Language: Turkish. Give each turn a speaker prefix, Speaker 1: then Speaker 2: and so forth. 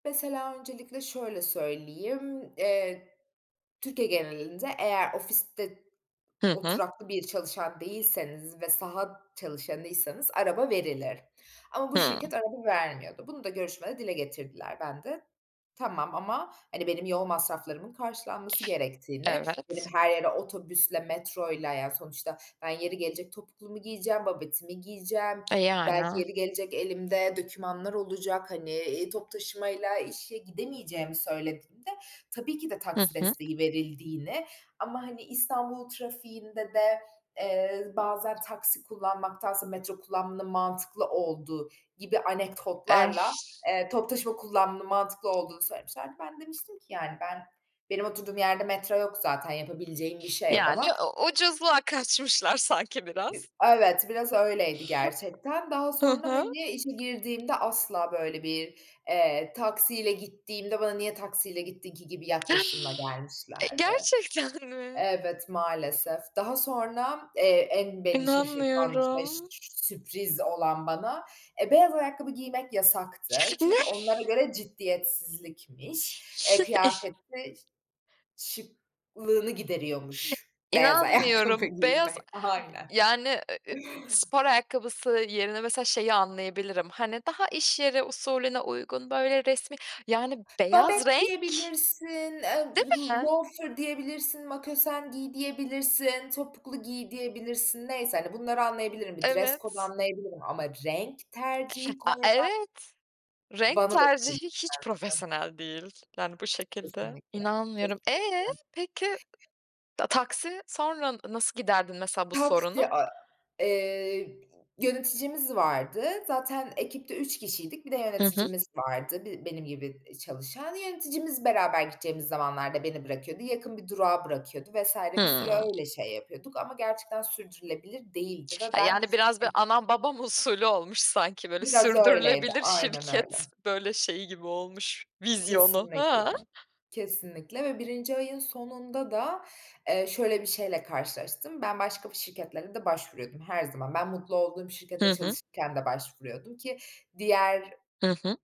Speaker 1: Mesela, öncelikle şöyle söyleyeyim, eee, Türkiye genelinde eğer ofiste
Speaker 2: Hı hı.
Speaker 1: oturaklı bir çalışan değilseniz ve saha çalışanıysanız araba verilir ama bu
Speaker 2: Hıı.
Speaker 1: şirket araba vermiyordu. Bunu da görüşmede dile getirdiler. Ben de tamam ama, hani, benim yol masraflarımın karşılanması gerektiğini, benim
Speaker 2: Evet.
Speaker 1: her yere otobüsle, metroyla Yani, sonuçta ben yeri gelecek, topuklumu giyeceğim, babetimi giyeceğim,
Speaker 2: E,
Speaker 1: belki
Speaker 2: yani.
Speaker 1: yeri gelecek, elimde dökümanlar olacak, hani, eee, toplu taşımayla işe gidemeyeceğimi söylediğimde tabii ki de
Speaker 2: Hı
Speaker 1: taksi
Speaker 2: hı.
Speaker 1: desteği verildiğini ama, hani, İstanbul trafiğinde de, eee, bazen taksi kullanmaktansa metro kullanmanın mantıklı olduğu gibi anekdotlarla, eee, toplu taşıma kullanmanın mantıklı olduğunu söylemişlerdi. Ben demiştim ki, yani, ”Ben benim oturduğum yerde metro yok zaten, yapabileceğim bir şey yok
Speaker 2: Yani,
Speaker 1: ama”
Speaker 2: u ucuzluğa kaçmışlar sanki
Speaker 1: Bi
Speaker 2: biraz.
Speaker 1: evet, biraz öyleydi gerçekten. Daha
Speaker 2: Hı
Speaker 1: sonra,
Speaker 2: hı.
Speaker 1: hani, işe girdiğimde asla böyle bir, eee, taksiyle gittiğimde bana, "Niye taksiyle gittin ki?" gibi yaklaşımla
Speaker 2: E,
Speaker 1: gelmişlerdi.
Speaker 2: gerçekten mi?
Speaker 1: Evet, maalesef. Daha sonra, eee, en beni şaşırtan ve ş
Speaker 2: İnanmıyorum.
Speaker 1: sürpriz olan bana beyaz ayakkabı giymek yasaktı
Speaker 2: Ne?
Speaker 1: çünkü onlara göre ciddiyetsizlikmiş. Eee, kıyafetin şıklığını gideriyormuş beyaz ayakkabı
Speaker 2: İnanmıyorum, beyaz,
Speaker 1: giymek. Aynen.
Speaker 2: yani, ııı, spor ayakkabısı yerine mesela şeyi anlayabilirim, hani, daha iş yeri usulüne uygun, böyle, resmi, yani,
Speaker 1: Babet
Speaker 2: beyaz renk,
Speaker 1: diyebilirsin, ııı, b
Speaker 2: değil mi?
Speaker 1: loafer diyebilirsin, makosen giy diyebilirsin, topuklu giy diyebilirsin, neyse, hani, bunları anlayabilirim, bir dress code
Speaker 2: Evet.
Speaker 1: anlayabilirim ama renk tercihi
Speaker 2: A,
Speaker 1: koymak
Speaker 2: evet, renk
Speaker 1: bana da çok komik
Speaker 2: tercihi hiç
Speaker 1: gelmişti.
Speaker 2: profesyonel değil, yani, bu şekilde.
Speaker 1: Kesinlikle,
Speaker 2: İnanmıyorum.
Speaker 1: kesinlikle.
Speaker 2: Eee, peki, ta taksi sonra nasıl giderdin, mesela, bu sorunu?
Speaker 1: Taksi, a eee, yöneticimiz vardı. Zaten ekipte 3 kişiydik, bir de
Speaker 2: Hı hı.
Speaker 1: yöneticimiz vardı bi benim gibi, iii, çalışan. Yöneticimiz beraber gideceğimiz zamanlarda beni bırakıyordu. Yakın bir durağa bırakıyordu vs. bir süre
Speaker 2: Hıı.
Speaker 1: öyle şey yapıyorduk ama gerçekten sürdürülebilir değildi ve
Speaker 2: Ha,
Speaker 1: ben
Speaker 2: yani, biraz, böyle,
Speaker 1: hani
Speaker 2: anam babam usulü olmuş sanki, böyle,
Speaker 1: Biraz öyleydi,
Speaker 2: sürdürülebilir
Speaker 1: aynen
Speaker 2: şirket,
Speaker 1: öyle.
Speaker 2: böyle, şeyi gibi olmuş, vizyonu.
Speaker 1: Kesinlikle,
Speaker 2: Hıı.
Speaker 1: kesinlikle ve 1. ayın sonunda da, eee, şöyle bir şeyle karşılaştım: Ben başka bir şirketlere de başvuruyordum, her zaman; ben mutlu olduğum
Speaker 2: Hı
Speaker 1: şirkette
Speaker 2: hı.
Speaker 1: çalışırken de başvuruyordum ki diğer
Speaker 2: Hı hı.